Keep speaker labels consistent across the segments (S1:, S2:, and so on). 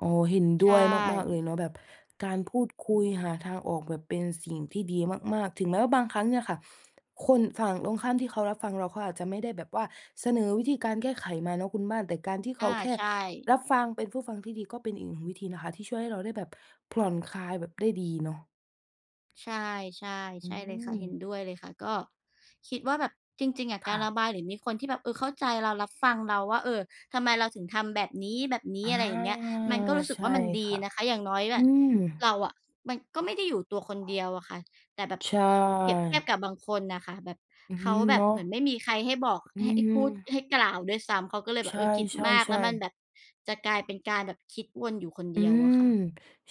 S1: อ๋อ เห็นด
S2: ใช
S1: ้วยมาก ๆ เล
S2: ่
S1: ยเนาะ แบบการพูดคุยหาทางออก แบบเป็นสิ่งที่ดีมาก ๆ ถึงแม้ว่าบางครั้งเนี่ยค่ะ คนฝั่งตรงข้ามที่เขารับฟังเราเขาอาจจะไม่ได้แบบว่าเสนอวิธีการแก้ไขมาเนาะคุณบ้าน แต่การที่เ
S2: อ
S1: ข
S2: า
S1: าแค่
S2: ใช่
S1: รับฟัง เป็นผู้ฟังที่ดี ก็เป็นอีก 1 วิธีนะคะ ที่ช่วยให้เราได้แบบผ่อนคลายแบบได้ดีเนาะ
S2: ใช่ ใช่
S1: อื
S2: ใช่เลยค่ะ เห็น
S1: ม
S2: ด้วยเลยค่ะ ก็คิดว่าแบบ จริง ๆ อะ
S1: ค
S2: กา
S1: ่
S2: รระ
S1: ะ
S2: บายหรือมีคนที่แบบ เออ เข้าใจเรา รับฟังเราว่า เออ ทำไมเราถึงทำแบบนี
S1: อ
S2: ้
S1: า
S2: ๆ อะไรอย่างเงี้ย มันก็รู้สึ
S1: ใ
S2: ก
S1: ช
S2: ว
S1: ่
S2: ่ามันด
S1: ค
S2: ี
S1: ่ะ
S2: นะคะ อย่างน้อยอ
S1: อื
S2: ะ
S1: ม
S2: เราอะมันก็ไม่ได้อยู่ตัวคนเดียวอะค่ะ แต่แบบ
S1: ใช
S2: เปรียบเทีย
S1: ่
S2: บกับบางคนน่ะค่ะ แบบ
S1: อือ
S2: เ
S1: ฮ
S2: ข
S1: ึ
S2: าแบ
S1: เน
S2: บ
S1: าะ
S2: เหมือนไม่มีใครให้บอก
S1: อื
S2: ให้
S1: ม
S2: พูดให้กล่าวด้วยซ้ำ เขาก็เลยแ
S1: ใ
S2: บ
S1: ช
S2: บ เออ คิดมาก แล้
S1: ่
S2: วมัน
S1: ๆ ๆ
S2: แบบจะกลายเป็นการแบบคิดวนอยู่คน
S1: อ
S2: เ
S1: ื
S2: ดียวอ
S1: ม
S2: ะค่ะ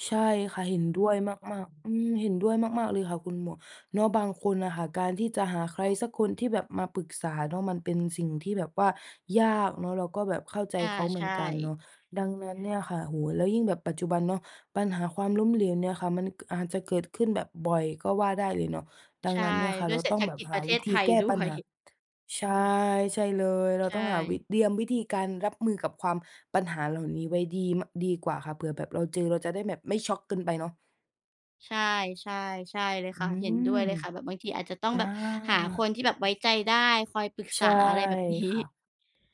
S1: ใช่ค่ะ เห็นด้วยมาก ๆ อืม เห็นด้วยมาก ๆ เลยค่ะ คุณหมวก เนาะ บางคนอะค่ะ การที่จะหาใครสักคนที่แบบมาปรึกษาเนาะ มันเป็นสิ่งที่แบบว่ายากเนาะ เราก็แบบเข้าใจ
S2: อา
S1: เขาเห
S2: ใ
S1: มื
S2: ช
S1: อนกันเนา
S2: ่
S1: ะ ดังนั้นเนี่ยค่ะ โอ้โฮ แล้วยิ่งแบบปัจจุบันเนาะ ปัญหาความล้มเหลวเนี่ยค่ะ มัน ก อาจจะเกิดขึ้นแบบบ่อยก็ว่าได้เลยเนาะ ดั
S2: ใ
S1: ง
S2: ช่
S1: นั้นเนี่ยค่ะ
S2: ด้
S1: เร
S2: ว
S1: า
S2: ยเศร
S1: ต้
S2: ษ
S1: อง
S2: ฐ
S1: แบ
S2: ก
S1: บ
S2: ิจ
S1: ห
S2: ป
S1: า
S2: ระเท
S1: วิ
S2: ศ
S1: ธ
S2: ไ
S1: ี
S2: ท
S1: แ
S2: ย
S1: ก้
S2: ด้
S1: ปั
S2: ว
S1: ญ
S2: ย
S1: หา ใช่ ใช่เลย เรา
S2: ใช
S1: ต้องหาวิ
S2: ่
S1: เตรียมวิธีการรับมือกับความ ปัญหาเหล่านี้ไว้ดี ม ดีกว่าค่ะ เผื่อแบบเราเจอเราจะได้แบบไม่ช็อกเกินไปเนาะ
S2: ใช่ ใช่ ใช่เลย
S1: อื
S2: ค่ะ เห็นด้วยเ
S1: ม
S2: ลยค่ะ แบบบางทีอาจจะต้อง
S1: อา
S2: แบบหาคนที่แบบไว้ใจได้คอยปรึก
S1: ใช
S2: ษา
S1: ่
S2: อะไรแบบนี้
S1: ค่ะ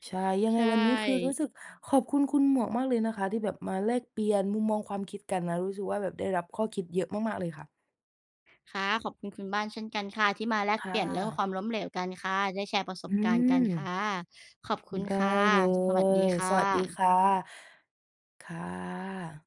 S1: ใช่ ยังไ
S2: ใ
S1: ง
S2: ช
S1: วันนี้ คือรู้
S2: ่
S1: สึกขอบคุณคุณหมวกมากเลยนะคะ ที่แบบมาแลกเปลี่ยนมุมมองความคิดกันนะ รู้สึกว่าแบบได้รับข้อคิดเยอะมาก ๆ เลยค่ะ
S2: ค่ะ ขอบคุณคุณบ้านเช่นกันค่ะ ที่มาแล
S1: ค
S2: กเป
S1: ่
S2: ลี่ยนเรื่องความ
S1: ะ
S2: ล้มเหลวกันค่ะ ได้แชร์ประส
S1: อ
S2: บ
S1: ื
S2: การณ์กันค่
S1: ม
S2: ะ ขอบค
S1: อื
S2: ุ
S1: ม
S2: ณ
S1: ได้
S2: ค่ะ
S1: เล
S2: สวัสดี
S1: ย
S2: ค่
S1: สวัสดีค
S2: ะ
S1: ่ะ ค่ะ